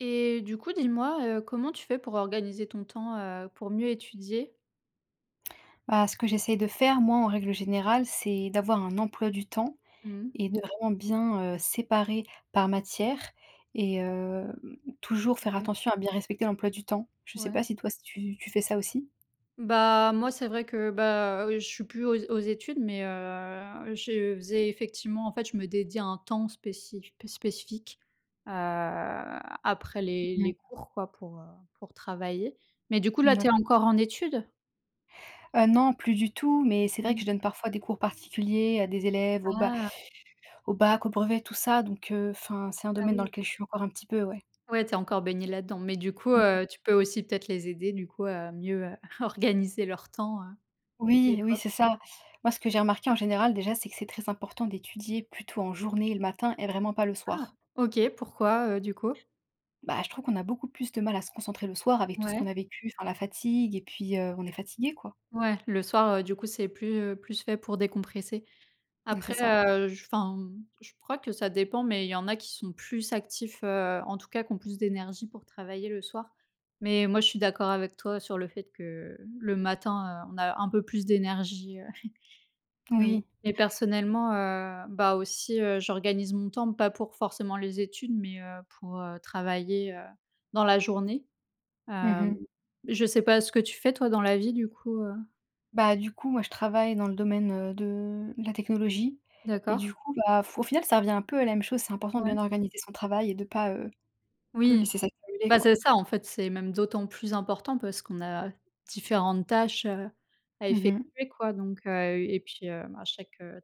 Et du coup, dis-moi, heu, comment tu fais pour organiser ton temps, heu, pour mieux étudier? Bah, ce que j'essaie de faire, moi, en règle générale, c'est d'avoir un emploi du temps, Mmh mh. et de vraiment bien heu, séparer par matière. Et hem, toujours faire OK. attention à bien respecter l'emploi du temps. Je sais Ouais. pas si toi si tu tu fais ça aussi? Bah moi, c'est vrai que, bah, heu, je suis plus aux aux études mais heu, je faisais effectivement, en fait, je me dédiais un temps spéci spé spécifique, heu, après les Mmh. les cours quoi pour, heu, pour travailler. Mais du coup, là, tu es D'accord. encore en études? Heu non, plus du tout! Mais, c'est vrai Mmh. que je donne parfois des cours particuliers à des élèves au Ba Ah! au Bac, au Brevet, tout ça. Donc heu Enfin, c'est un Ah domaine dans oui. lequel je suis encore un petit peu, ouais. Ouais, tu es encore baignée là-dedans! Mais du coup, Mmh mh. heu, tu peux aussi, peut-être les aider du coup à mieux, heu, organiser leur temps, heu, des Oui! Oui, fois. c'est ça! Moi, ce que j'ai remarqué en général, déjà, c'est que c'est très important d'étudier plutôt en journée, et le matin, et vraiment pas le Ah, soir. OK. Pourquoi, heu, du coup? Bah, je trouve qu'on a beaucoup plus de mal à se concentrer le soir, avec tout ce qu'on Ouais. a vécu Enfin, la fatigue et puis, heu, on est fatigué, quoi. Ouais! Le soir, heu, du coup, c'est plus heu plus fait pour décompresser. Mmh, c'est Après ça. heu, j enfin, mmh, je crois que ça dépend, mais il y en a qui sont plus actifs, heu, en tout cas qui ont plus d'énergie pour travailler le soir. Mais moi, je suis d'accord avec toi, sur le fait que, le matin, heu, on a un peu plus d'énergie., mmh. Oui. Mais, personnellement, heu, bah aussi, heu, j'organise mon temps, pas pour forcément les études, mais heu, pour heu, travailler, heu, dans la journée. Mmh Hem, mh. je sais pas ce que tu fais, toi, dans la vie, du coup, heu? Bah, du coup, moi, je travaille dans le domaine, heu, de la technologie, et D'accord. du coup, bah, f au final, ça revient un peu à la même chose. C'est important de Ouais. bien organiser son travail et de pas, heu, le Oui. laisser s'accumuler, Bah, quoi. c'est ça en fait. C'est même d'autant plus important parce qu'on a différentes tâches, heu, à Mmh mh. effectuer, quoi. Donc heu, et puis, hem, à chaque, heu,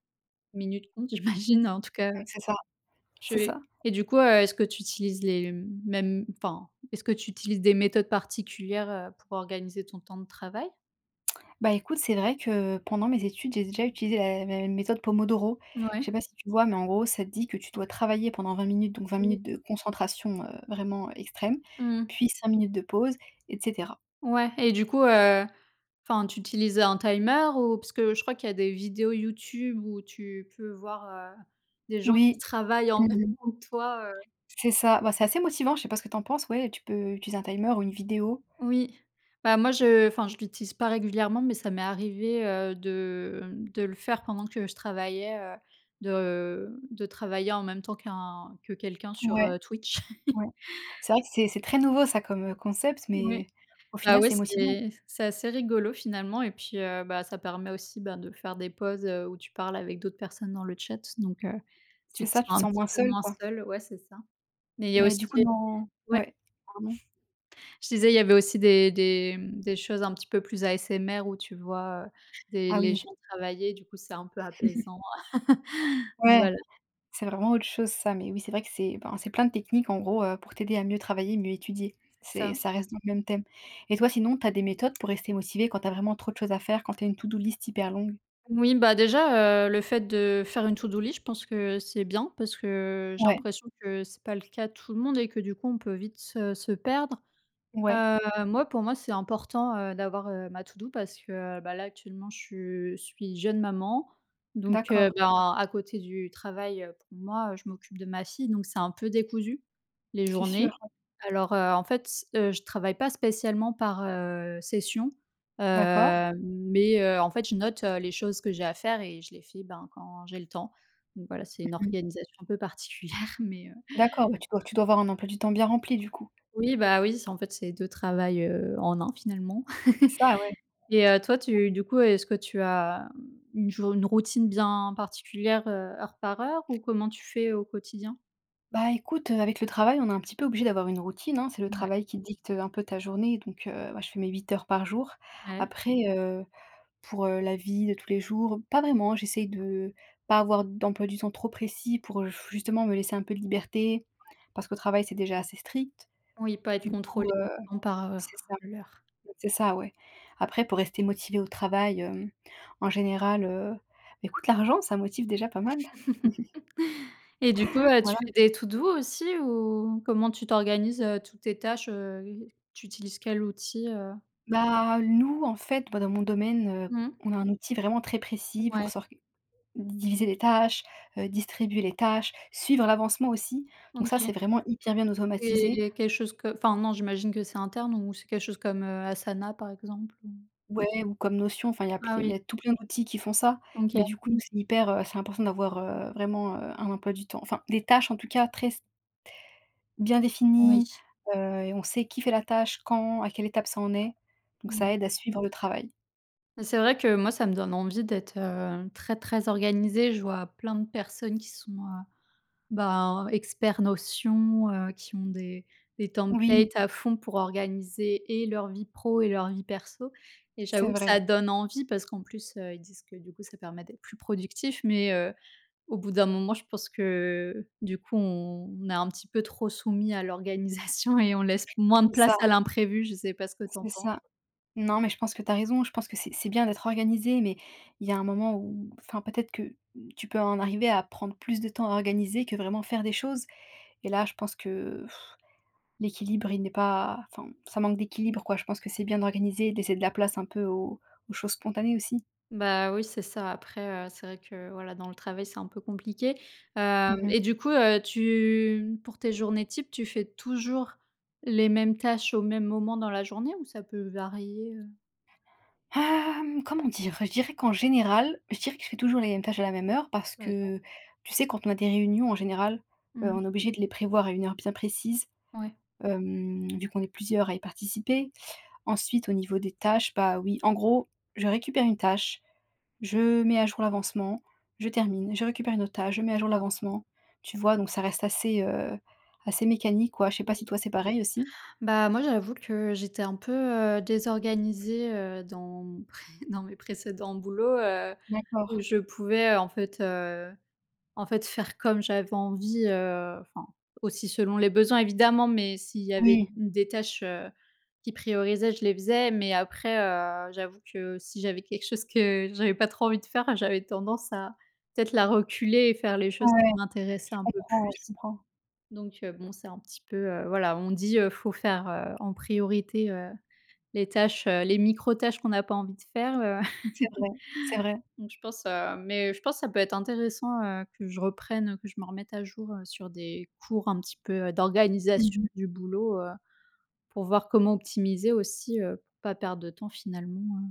minute compte. J'imagine, en tout cas, Ouais, heu, c'est ça tu c'est es ça. et du coup, heu, est-ce que tu utilises les, hem, mêmes enfin, est-ce que tu utilises des méthodes particulières, heu, pour organiser ton temps de travail? Bah, écoute, c'est vrai que pendant mes études, j'ai déjà utilisé la la méthode Pomodoro. Je Ouais. sais pas si tu vois? Mais en gros, ça te dit que tu dois travailler pendant 20 minutes, donc 20 Mmh. minutes de concentration, heu, vraiment extrême, Mmh mh. puis 5 minutes de pause, et cetera. Ouais et du coup, heu enfin, tu utilises, heu, un timer ou heu, parce que je crois qu'il y a des vidéos YouTube où tu peux voir, heu, des gens qui Oui. travaillent en Mmh même mh. temps que toi, heu C'est ça. Bah, c'est assez motivant, je sais pas ce que tu en penses. Ouais, tu peux utiliser un timer ou une vidéo. Oui. Bah, moi je enfin, je l'utilise pas régulièrement, mais ça m'est arrivé, heu, de, mmh, de le faire pendant que je travaillais. Heu, de de travailler en même temps qu'un que quelqu'un sur, Ouais, heu, Twitch. ouais. C'est vrai que c'est, c'est très nouveau ça comme, heu, concept, Oui. mais au Bah, final, ouais, c'est motivant. c'est c'est assez rigolo, finalement. Et puis, heu, bah, ça permet aussi, ben, de faire des pauses, heu, où tu parles avec d'autres personnes dans le chat. Donc heu, tu C'est te sens ça, tu te un sens petit moins peu seule moins quoi. seule. Ouais, c'est ça, mais il y a Mais du aussi coup dans ouais. Ouais, pardon. Je disais il y avait aussi des, des, mmh, des choses un petit peu plus ASMR, où tu vois, heu, des Ah les oui. gens travailler. Du coup, c'est un peu apaisant. Ouais, Voilà. c'est vraiment autre chose ça. Mais oui, c'est vrai que c'est ben, c'est plein de techniques en gros, heu, pour t'aider à mieux travailler, mieux étudier. C'est C'est ça. ça reste dans le même thème. Et toi, sinon tu as des méthodes pour rester motivée quand tu as vraiment trop de choses à faire quand tu as une to-do-list hyper longue? Oui, bah, déjà, heu, le fait de faire une to-do-list, je pense que, heu, c'est bien parce que j'ai Ouais. l'impression que c'est pas le cas de tout le monde et que du coup on peut vite se se perdre. Ouais. Heu, moi, pour moi, c'est important, heu, d'avoir, heu, ma to-do parce que, heu, bah, là actuellement je suis jeune maman donc heu, D'accord. ben, à côté du travail, heu, pour moi, je m'occupe de ma fille donc c'est un peu décousu, les C'est sûr, journées. ouais. Alors, heu, en fait s heu, je travaille pas spécialement par, heu, session, heu, D'accord. mais heu, en fait, je note, heu, les choses que j'ai à faire et je les fais, ben, quand j'ai le temps, donc voilà, c'est une Mmh mh. organisation un peu particulière mais heu. D'accord! Bah, tu dois tu dois avoir un emploi du temps bien rempli, du coup! Oui, bah, oui, c'est en fait c'est 2 travails, heu, en 1, finalement C'est ça, ouais. et heu, toi [unintelligible] tu du coup, est-ce que tu as, mmh, une jou une routine bien particulière, heu, heure par heure ou comment tu fais au quotidien? Bah, écoute, heu, avec le travail, on est un petit peu obligé d'avoir une routine, hein! C'est le Mouais. travail qui dicte, heu, un peu ta journée donc heu, bah, je fais mes 8 heures par jour. Ouais. Après, heu, pour, heu, la vie de tous les jours, pas vraiment, j'essaie de pas avoir d'emploi du temps trop précis pour, heu, f justement me laisser un peu de liberté Ouais. parce qu'au travail, c'est déjà assez strict. Oui pas être Du coup, contrôlée heu [unintelligible] par, heu, c'est ça, l'heure. c'est ça, ouais! Après pour rester motivée au travail, hem, en général, heu, écoute l'argent, ça motive déjà pas mal! Et du coup, heu, tu Voilà. fais des to-do aussi ou comment tu t'organises, heu, toutes tes tâches, heu, tu utilises quel outil, heu Bah, nous en fait, bah, dans mon domaine, heu, Mmh. on a un outil vraiment très précis pour Ouais. s'org diviser les tâches, heu, distribuer les tâches, suivre l'avancement aussi, donc ça c'est OK. vraiment hyper bien automatisé. C'est quelque chose que enfin non, j'imagine que c'est interne ou c'est quelque chose comme, heu, Asana, par exemple ou Ouais ou comme Notion, enfin, il y a pl Ah il y oui. a tout plein d'outils qui font ça, mais OK. du coup, c'est hyper, heu c'est important d'avoir, heu, vraiment, heu, un emploi du temps. Enfin, des tâches en tout cas très s bien définies, Oui. heu, et on sait qui fait la tâche, quand, à quelle étape ça en est, donc ça Mmh. aide à suivre le travail. C'est vrai que moi ça me donne envie d'être, heu, très très organisée, je vois plein de personnes qui sont, heu, ben expert notion, heu, qui ont des des Oui. templates à fond pour organiser et leur vie pro et leur vie perso et C'est j'avoue que vrai. ça donne envie parce qu'en plus, heu, ils disent que du coup ça permet d'être plus productif. Mais heu, au bout d'un moment je pense que, du coup on est un petit peu trop soumis à l'organisation et on laisse moins de C'est place ça. à l'imprévu, je sais pas ce que tu en C'est penses. ça. Non, mais je pense que tu as raison, je pense que c'est c'est bien d'être organisé, mais il y a un moment où, enfin peut-être que tu peux en arriver à prendre plus de temps à organiser que vraiment faire des choses et là, je pense que l'équilibre, il n'est pas enfin, ça manque d'équilibre quoi, je pense que c'est bien d'organiser et de laisser de la place un peu aux aux choses spontanées aussi. Bah oui, c'est ça après, heu, c'est vrai que voilà dans le travail c'est un peu compliqué, Mmh hem, mh. et du coup, heu, tu pour tes journées types tu fais toujours les mêmes tâches au même moment dans la journée ou ça peut varier, heu? Hem comment dire? Je dirais qu'en général, je dirais que je fais toujours les mêmes tâches à la même heure parce D'accord. que tu sais quand on a des réunions en général, heu, Mmh. on est obligé de les prévoir à une heure bien précise, Ouais. hem, vu qu'on est plusieurs à y participer. Ensuite, au niveau des tâches, bah oui, en gros, je récupère une tâche, je mets à jour l'avancement, je termine, je récupère une autre tâche, je mets à jour D'accord. l'avancement. Tu vois, donc ça reste assez, heu, assez mécanique quoi. Je sais pas si Oui. toi, c'est pareil aussi? Bah moi j'avoue que j'étais un peu, heu, désorganisée, heu, dans dans mes précédents boulots, heu, où D'accord. je pouvais en fait, heu, en fait faire comme j'avais envie, heu, enfin aussi selon les besoins évidemment, mais s'il y avait Oui. des tâches, heu, qui priorisaient, je les faisais mais après, heu, j'avoue que si j'avais quelque chose que j'avais pas trop envie de faire, j'avais tendance à peut-être la reculer et faire les choses qui Ouais, m'intéressaient je un peu comprends ouais, je plus. comprends. Donc heu, bon c'est un petit peu, heu, voilà on dit, heu, faut faire, heu, en priorité, heu, les tâches, heu, les micro tâches qu'on n'a pas envie de faire, heu. C'est vrai c'est vrai. Donc je pense, heu mais heu, je pense ça peut être intéressant, heu, que je reprenne, heu que je me remette à jour, heu, sur des cours un petit peu, heu, Mmh d'organisation mh. du boulot, heu, pour voir comment optimiser aussi, heu, pour pas perdre de temps finalement, hein.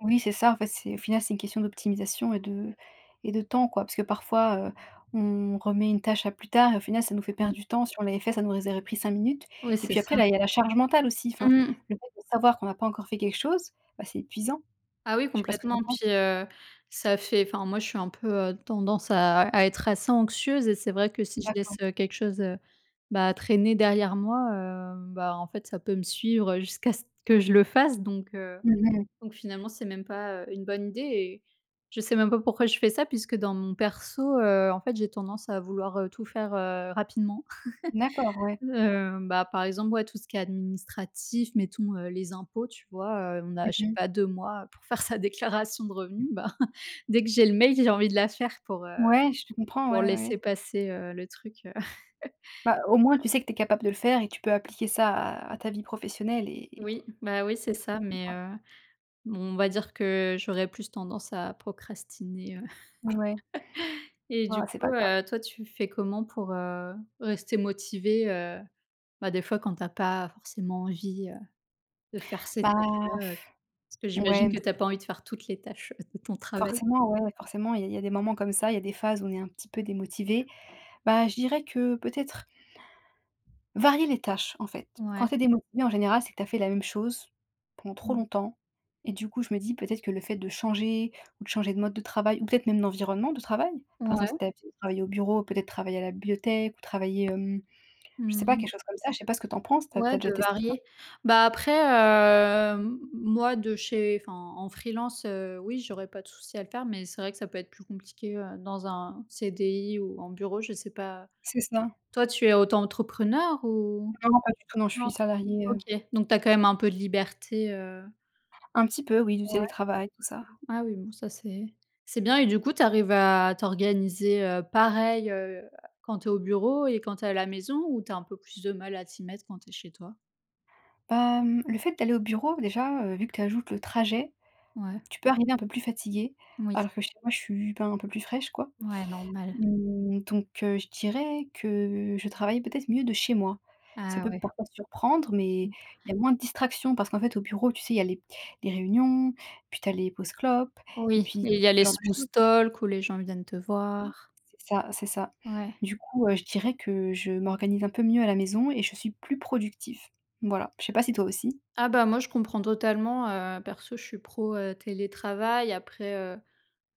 Oui, c'est ça. En fait, c'est au final, c'est une question d'optimisation et de et de temps, quoi. Puisque parfois, heu, on remet une tâche à plus tard et, au final, ça nous fait perdre Mmh. du temps. Si on l'avait fait, ça nous aurait pris 5 minutes, Ouais, et c'est puis ça. après, là, il y a la charge mentale aussi. Enfin, Mmh. le fait de savoir qu'on a pas encore fait quelque chose, bah, c'est épuisant. Ah oui, Je sais pas ce que tu complètement. en penses? Puis, heu, ça fait Enfin, moi, je suis un peu, heu, tendance à à être assez anxieuse et c'est vrai que, si je laisse, D'accord. heu, quelque chose, heu, bah, traîner derrière moi, hem, bah, en fait, ça peut me suivre jusqu'à ce que je le fasse. Donc heu, Mmh mh. donc finalement, c'est même pas, heu, une bonne idée. Et je sais même pas pourquoi je fais ça puisque, dans mon perso, heu, en fait, j'ai tendance à vouloir, heu, tout faire, heu, rapidement. D'accord, ouais. Heu, bah, par exemple, ouais, tout ce qui est administratif. Mettons, heu, les impôts, tu vois? Heu, on a, Mmh je sais mh. pas 2 mois pour faire sa déclaration de revenus. Ben, dès que j'ai le mail, j'ai envie de la faire pour, heu, Ouais, je te comprends. pour Ouais, laisser ouais. passer, heu, le truc, heu Bah, au moins, tu sais que tu es capable de le faire et tu peux appliquer ça à à ta vie professionnelle et Oui, bah, oui, et c'est puis, ça. c'est tout, Mais quoi. heu, on va dire que j'aurais plus tendance à procrastiner. Heu, Mouais. et du Oh, c'est coup, pas grave. heu, toi, tu fais comment pour, heu, rester motivée, heu, bah, des fois quand tu as pas forcément envie, heu, de faire ces Bah, tâches-là? Heu, parce que j'imagine ouais que tu as pas envie de faire toutes les tâches de ton travail? Forcément, ouais, forcément. Il y a il y a des moments comme ça, il y a des phases où on est un petit peu démotivé. Bah, je dirais que peut-être varier les tâches, en fait. Quand Ouais. tu es démotivée, en général, c'est que tu as fait la même chose pendant trop Mmh. longtemps. Et du coup, je me dis peut-être que le fait de changer, ou de changer de mode de travail, ou peut-être même d'environnement de travail. Par exemple, si Ouais. tu as l'habitude de travailler au bureau, peut-être travailler à la bibliothèque ou travailler, hem, je Mmh sais pas mh. quelque chose comme ça, je sais pas ce que tu en penses. Tu as tu Ouais as déjà de testé ça? varier. Bah, après, heu, m moi de chez Enfin, en freelance, heu, oui, j'aurais pas de souci à le faire. Mais c'est vrai que ça peut être plus compliqué, heu, dans un CDI ou en bureau, je sais pas. C'est ça. Toi, tu es auto-entrepreneure ou Non, non, pas du tout, non, je suis non? salariée, heu OK, donc tu as quand même un peu de liberté, heu Un petit peu, oui. Du Ouais. télétravail, tout ça. Ah oui, bon, ça c'est, c'est bien. Et du coup, tu arrives à t'organiser, heu, pareil, heu, quand tu es au bureau et quand tu es à la maison? Ou tu as un peu plus de mal à t'y mettre quand tu es chez toi? Bah, mmh, le fait d'aller au bureau, déjà, heu, vu que tu ajoutes le trajet, Ouais. tu peux arriver un peu plus fatiguée. Moui. Alors que chez moi, je suis, ben, un peu plus fraîche quoi. Ouais normal. Mmh, donc heu, je dirais que je travaille peut-être mieux de chez moi. Ça Ah peut ouais. parfois surprendre, mais Mmh. il y a moins de distraction parce qu'en fait, au bureau, tu sais, il y a les p les réunions, puis tu as les pauses clopes et Oui, puis t il y a ce les genre de smooth choses. talk où les gens viennent te voir. C'est ça, c'est ça. Ouais. Du coup, heu, je dirais que je m'organise un peu mieux à la maison et je suis plus productive. Voilà. Je sais pas si toi aussi? Ah, bah, moi je comprends totalement, heu, perso je suis pro, heu, télétravail. Après, heu,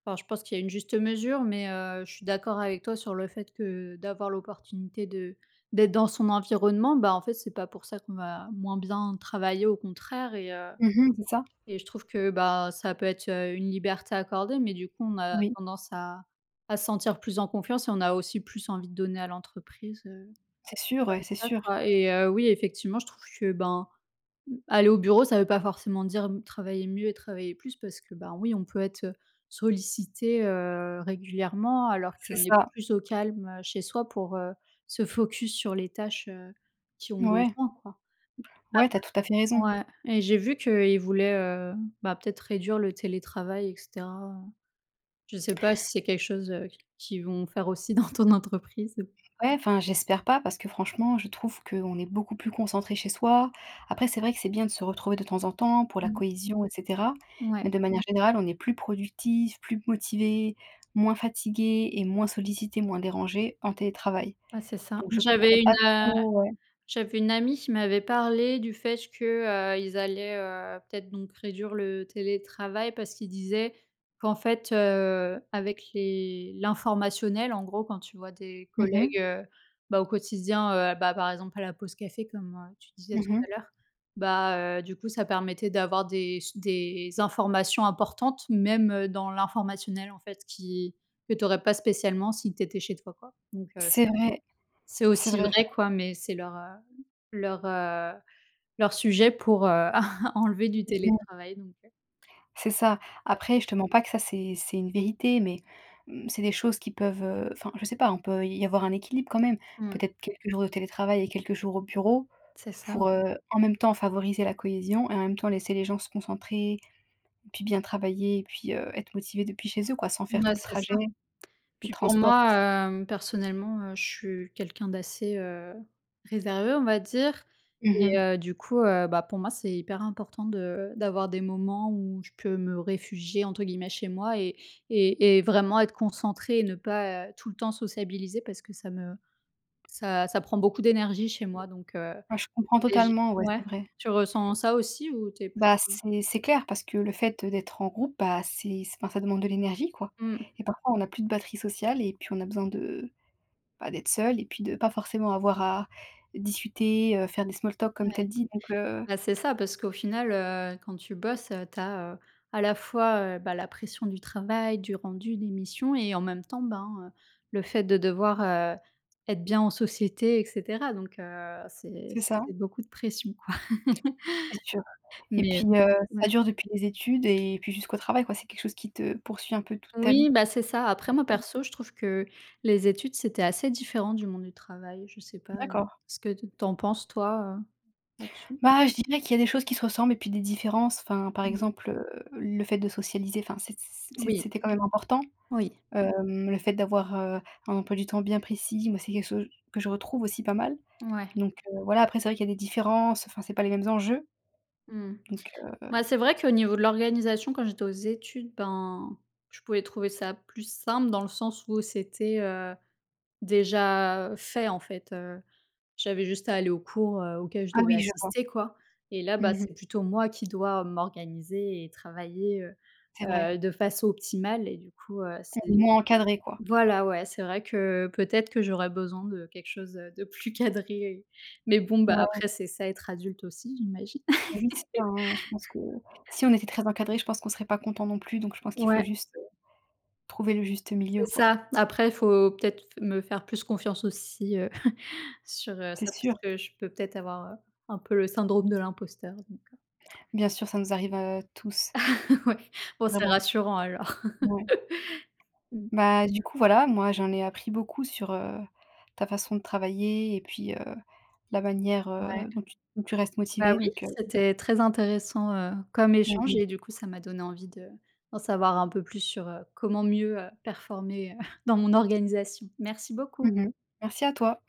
ben, je pense qu'il y a une juste mesure mais heu, je suis d'accord avec toi sur le fait que d'avoir l'opportunité de d'être dans son environnement, bah, en fait c'est pas pour ça qu'on va moins bien travailler, au contraire et heu, Mmh mh, c'est ça. et je trouve que, bah, ça peut être, heu, une liberté accordée. Mais du coup on a Oui. tendance à à se sentir plus en confiance et on a aussi plus envie de donner à l'entreprise, heu, C'est sûr, ouais, comme c'est ça sûr. quoi et heu, oui effectivement je trouve que, ben, mmh, aller au bureau ça veut pas forcément dire m travailler mieux et travailler plus parce que, ben, oui, on peut être, heu, sollicité, heu, régulièrement alors C'est qu'on est ça. plus au calme, heu, chez soi pour, heu, se focus sur les tâches, heu, qui ont Ouais. besoin quoi. Mmh. Ouais, tu as tout à fait raison. Après ouais, et j'ai vu qu'ils voulaient, heu, bah, peut-être réduire le télétravail et cetera, heu, je sais pas si c'est quelque chose, heu, q qu'ils vont faire aussi dans ton entreprise. Ouais, enfin, j'espère pas parce que franchement, je trouve qu'on est beaucoup plus concentré chez soi. Après, c'est vrai que c'est bien de se retrouver de temps en temps pour la Mmh. cohésion, et cetera, mais Ouais. de manière générale, on est plus productif, plus motivé, moins fatigué et moins sollicité, moins dérangé, en télétravail, Bah, c'est ça. donc je J'avais comprends une, pas heu, trop ouais. j'avais une amie qui m'avait parlé du fait que, heu, ils allaient, heu, peut-être, donc réduire le télétravail parce qu'ils disaient qu'en fait, heu, avec les l'informationnel, en gros quand tu vois des Mmh collègues, mh. heu, bah, au quotidien, heu, bah, par exemple à la pause café comme, heu, tu disais Mmh tout à mh. l'heure. Bah heu, du coup ça permettait d'avoir des s des informations importantes, même, heu, dans l'informationnel en fait qui que tu aurais pas spécialement si tu étais chez toi quoi. Donc heu, [unintelligible] C'est vrai. c'est C'est aussi vrai vrai ça. quoi mais c'est leur, hem leur, heu leur sujet pour, heu, enlever du [unintelligible] télétravail donc heu,. C'est ça. Après, [unintelligible] je te mens pas que ça c'est c'est une vérité, mais mmh, c'est des choses qui peuvent, heu enfin je sais pas, on peut y avoir un équilibre quand même, Mmh. peut-être quelques jours de télétravail et quelques jours au bureau C'est ça o pour, heu, en même temps favoriser la cohésion et en même temps laisser les gens se concentrer et puis bien travailler et puis, heu, être motivés depuis chez eux quoi, sans faire tout Mais le c'est trajet, ça. les Puis pour transports tout moi, ça. hem, personnellement, heu, je suis quelqu'un d'assez, heu, réservé, on va dire Mmh et mh. heu, du coup, heu, bah, pour moi c'est hyper important de d'avoir des moments où je peux me «réfugier» entre guillemets chez moi et et et vraiment être concentrée et ne pas, heu, tout le temps sociabiliser, parce que ça me ça ça prend beaucoup d'énergie chez moi donc heu Ouais, je comprends et j totalement ouais, ouais? c'est vrai. Tu ressens ça aussi ou tu es Bah, plutôt. c'est c'est clair parce que le fait, heu, d'être en groupe, bah, c'est enfin ça demande de l'énergie quoi Mmh. et parfois on a plus de batterie sociale et puis on a besoin de bah, d'être seul et puis de pas forcément avoir à discuter, heu, faire des «small talk», Ouais. comme tu as dit donc heu Bah, c'est ça parce qu'au final, heu, quand tu bosses, heu, tu as, heu, à la fois, heu, bah, la pression du travail, du rendu, des missions et en même temps, ben, heu, le fait de devoir, heu, être bien en société et cetera. Donc heu, c'est C'est ça. c'est beaucoup de pression quoi. C'est sûr, et Mais heu puis, heu, ouais. ça dure depuis les études et puis jusqu'au travail quoi. C'est quelque chose qui te poursuit un peu toute ta vie.. Oui, bah, c'est ça après moi [unintelligible] perso je trouve que les études, c'était assez différent du monde du travail, je sais pas, heu, D'accord. ce que t tu en penses toi, heu, là-dessus? Bah, je dirais qu'il y a des choses qui se ressemblent et puis des différences, enfin, par Mmh mh. exemple, heu, le fait de socialiser, enfin, c'ét c c c'ét Oui. c'était quand même important. Oui. Hem, le fait d'avoir, heu, un emploi du temps bien précis, moi, c'est quelque chose que je retrouve aussi pas mal Ouais. donc heu, voilà, après, c'est vrai qu'il y a des différences, heu, enfin, c'est pas les mêmes enjeux Mmh. donc heu Bah, c'est vrai qu'au niveau de l'organisation quand j'étais aux études, ben, je pouvais trouver ça plus simple dans le sens où c'était, heu, déjà fait, en fait, heu, j'avais juste à aller aux cours, heu, auxquels je Ah devais oui, je vois. assister quoi, et là, bah, Mmh mh. c'est plutôt moi qui dois m'organiser et travailler, heu C'est vrai. heu, de façon optimale et du coup, heu, Tu es c'est moins encadrée quoi. voilà ouais, c'est vrai que, peut-être que j'aurais besoin de quelque chose, heu, de plus cadré, mais bon, bah, Ouais. après c'est ça être adulte aussi j'imagine. Oui, c'est ça hein, je pense que, si on était très encadré, je pense qu'on serait pas content non plus, donc je pense qu'il faut Ouais. juste, heu, trouver le juste milieu C'est quoi. ça. Après il faut peut-être f me faire plus confiance aussi, heu, sur, heu, C'est ça, sûr. parce que je peux peut-être avoir, heu, un peu le syndrome de l'imposteur, donc heu Bien sûr, ça nous arrive, heu, tous. Ouais, bon, c'est Vraiment. rassurant alors. Ouais. Mmh. Bah, du coup voilà, moi j'en ai appris beaucoup sur, heu, ta façon de travailler et puis, heu, la manière, Ouais. heu, dont tu dont tu restes Bah, motivée oui, donc heu c'était très intéressant, heu, comme Mmh échange mh. et du coup ça m'a donné envie de d'en savoir un peu plus sur, heu, comment mieux, heu, performer, heu, dans mon organisation. Merci beaucoup. Mmh mh. Merci à toi.